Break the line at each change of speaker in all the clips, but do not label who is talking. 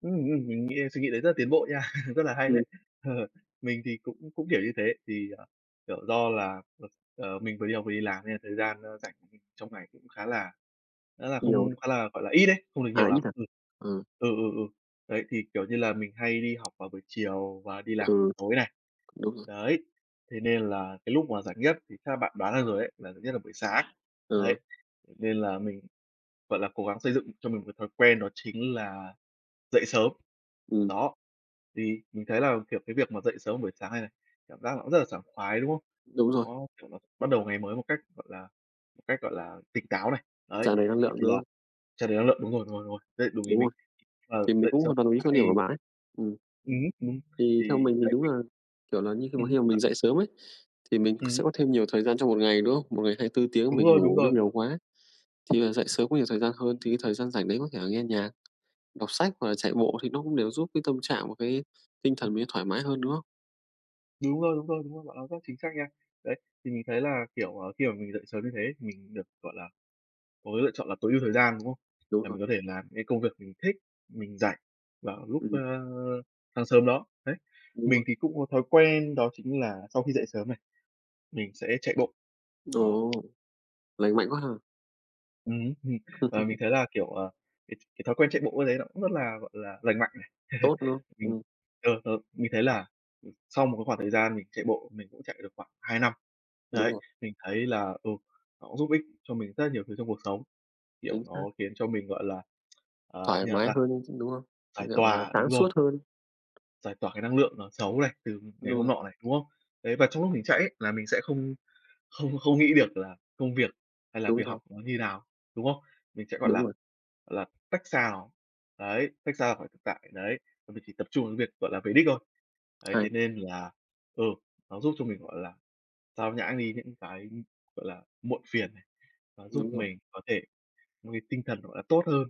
Ừm, ừm, mình nghĩ là suy nghĩ đấy rất là tiến bộ nha, rất là hay
Ừm.
đấy. Ờ. Mình thì cũng cũng hiểu như thế, thì, ờ, kiểu, do là, ờ, ờ, mình vừa đi học vừa đi làm nên là thời gian, ơ, rảnh trong ngày cũng khá là khá là
Nhiều.
không khá là, gọi là, ít ấy, không được
À,
nhiều lắm.
ít à.
Ừm.
Ừ.
Ừ, ừ, ừ. Đấy, thì, kiểu như là, mình hay đi học vào buổi chiều và đi làm
Ừ,
tối này,
đúng rồi.
đấy, thế nên là cái lúc mà rảnh nhất thì chắc là bạn đoán ra rồi ấy, rảnh nhất là buổi sáng.
Ừ.
Đấy, nên là mình, gọi là, cố gắng xây dựng cho mình cái thói quen đó chính là dậy sớm.
Ừm.
Đó. Thì mình thấy là, kiểu, cái việc mà dậy sớm buổi sáng này này, cảm giác nó cũng rất là sảng khoái, đúng không?
Đúng rồi.
Nó, kiểu, bắt đầu ngày mới một cách, gọi là, cách, gọi là, tỉnh táo này, đấy,
Tràn đầy năng
ờ,
lượng,
thì
đúng
là
không?
tràn đầy năng lượng, đúng rồi, rồi, rồi, đấy, đúng ý
Đúng
mình.
rồi.
Ờ,
Thì mình
dậy
cũng
sớm
hoàn toàn đồng ý
[unintelligible]
quan điểm của
thì
bạn ấy, ừm.
Ừm hứm, ừm,
Thì
thì
theo mình thì
đấy,
đúng
mình
là, kiểu là như, khi mà
Ừm,
khi mà
và
mình dậy sớm ấy, thì mình sẽ
Ừm.
có thêm nhiều thời gian trong một ngày, đúng không? Một ngày 24 tiếng
Đúng
mình
rồi, đúng
ngủ nó
rồi.
nhiều quá, thì là dậy sớm có nhiều thời gian hơn, thì cái thời gian rảnh đấy có thể là nghe nhạc, đọc sách hoặc là chạy bộ thì nó cũng đều giúp cái tâm trạng và cái tinh thần mình mới thoải mái hơn, đúng không?
Đúng rồi, đúng rồi, đúng rồi, bạn nói rất chính xác nha. Đấy, thì mình thấy là, kiểu, ờ, khi mà mình dậy sớm như thế, mình được, gọi là, có cái lựa chọn là tối ưu thời gian, đúng không?
Đúng
Là
rồi.
mình có thể làm những cái công việc mình thích, mình rảnh vào lúc, ơ,
Ừm.
sáng sớm đó, đấy,
Đúng
mình
luôn.
thì cũng có thói quen đó chính là sau khi dậy sớm này, mình sẽ chạy bộ. Đó.
Ồ. Lành mạnh quá ha!
Ừm hứm, ừm. Và mình thấy là, kiểu, ờ, cái cái thói quen chạy bộ ấy, đấy nó cũng rất là, gọi là, lành mạnh này.
Tốt, đúng không?
Mình,
Ừm.
ờ, ờ, mình thấy là, ừm, sau một cái khoảng thời gian mình chạy bộ mình cũng chạy được khoảng 2 năm,
Đúng
đấy,
rồi.
mình thấy là, ừ, nó cũng giúp ích cho mình rất là nhiều thứ trong cuộc sống. Kiểu,
Chính
nó
xác.
khiến cho mình, gọi là, ờ,
Thoải
như nào
mái
ta,
hơn luôn, chứ đúng không? Như
giải
kiểu, gọi là,
tỏa,
sáng
đúng rồi.
suốt hơn.
Giải tỏa cái năng lượng nó xấu này, từ ngày
Đúng
hôm
rồi.
nọ này, đúng không? Đấy, và trong lúc mình chạy ấy là mình sẽ không không không nghĩ được là công việc hay là
Đúng
việc
rồi.
học nó như nào, đúng không? Mình sẽ, gọi
Đúng
là,
rồi.
gọi là, tách xa nó, đấy, tách xa khỏi thực tại, đấy, và mình chỉ tập trung cái việc, gọi là, về đích thôi, đấy, thế
Hay.
nên là, ừ, nó giúp cho mình, gọi là, xao nhãng đi những cái, ưm, gọi là, muộn phiền này, nó giúp
Đúng rồi.
mình có thể nuôi cái tinh thần, gọi là, tốt hơn,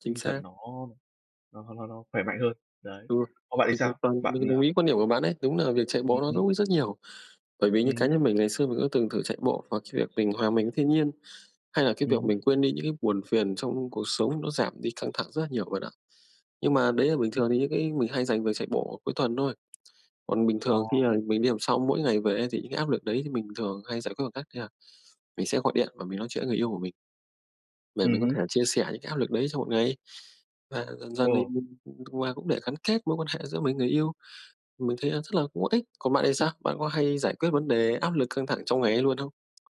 Chính
tinh thần
xác.
nó nó nó nó khỏe mạnh hơn. Đấy,
Đúng rồi.
còn bạn thì
Mình hoàn
sao?
toàn
Bạn,
mình đồng
ờ
ý quan điểm của bạn đấy. Đúng là việc chạy
Ừm,
bộ nó
ừm.
giúp ích rất nhiều. Bởi vì như
Ừm
cá
hứm.
nhân mình ngày xưa mình có từng thử chạy bộ hoặc cái việc mình hòa mình với thiên nhiên, hay là cái
Ừm
việc
hứm.
mình quên đi những cái buồn phiền trong cuộc sống nó giảm đi căng thẳng rất là nhiều bạn ạ. Nhưng mà đấy là bình
Ừm.
thường thì những cái mình hay dành việc chạy bộ cuối tuần thôi, còn bình thường khi
Ồ.
mà mình đi học xong mỗi ngày về ấy thì những cái áp lực đấy thì mình thường hay giải quyết bằng cách như là mình sẽ gọi điện và mình nói chuyện với người yêu của mình để mình
Ừm
có
hứm.
thể chia sẻ những cái áp lực đấy trong một ngày. Và dần dần thì
Ờ.
mình, ừm, ừm, và cũng để gắn kết mối quan hệ giữa mình, người yêu. Mình thấy là rất là cũng có ích, còn bạn thì sao? Bạn có hay giải quyết vấn đề áp lực căng thẳng trong ngày ấy luôn không?